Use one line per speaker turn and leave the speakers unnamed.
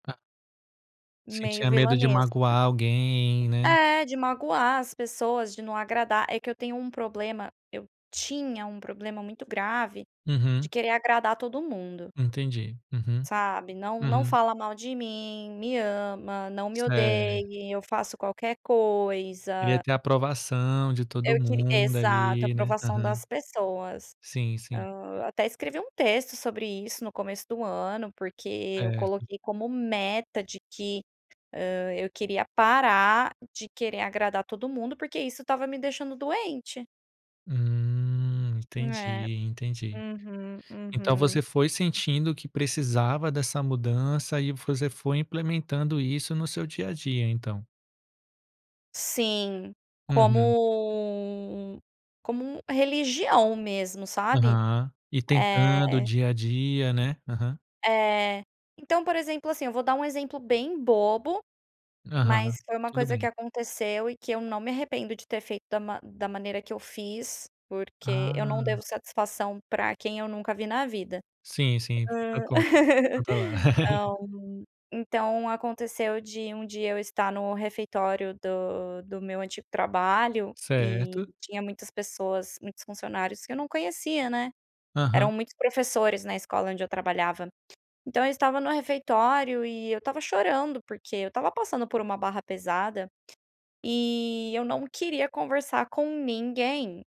Tá.
Meio
Sentia medo de
vilanesca.
magoar alguém, né?
É, de magoar as pessoas, de não agradar. É que eu tenho um problema eu tinha um problema muito grave, de
Uhum.
querer agradar todo mundo
Entendi, uhum,
sabe, "não não
uhum.
fala mal de mim", "me ama", "não me
Sé
odeie", "eu faço qualquer
Queria
coisa".
ter aprovação de todo
Eu queri
mundo
exato,
ali, né,
aprovação
aham.
das pessoas.
Sim, sim.
Ah, até escrevi um texto sobre isso no começo do ano, porque eu
Certo.
coloquei como meta de que, hã, eu queria parar de querer agradar todo mundo, porque isso estava me deixando doente.
Hum,
É.
entendi, entendi.
Uhum,
Então
uhum.
você foi sentindo que precisava dessa mudança e você foi implementando isso no seu dia a dia, então?
Sim, como
Uhum.
um como religião mesmo, sabe?
Aham e tentando o
É.
dia a dia, né, aham.
É. Então, por exemplo, assim, eu vou dar um exemplo bem bobo,
Aham,
mas foi uma
tudo
coisa que
bem.
aconteceu e que eu não me arrependo de ter feito da ma da maneira que eu fiz, porque eu não
Hã.
devo satisfação pra quem eu nunca vi na vida.
Sim, sim
Hã,
[unintelligible] controlar.
ah, hum, então aconteceu de um dia eu estar no refeitório do do meu antigo trabalho e
Certo.
tinha muitas pessoas, muitos funcionários que eu não conhecia, né, eram
Aham.
muitos professores na escola onde eu trabalhava, então eu estava no refeitório e eu estava chorando porque eu estava passando por uma barra pesada e eu não queria conversar com ninguém.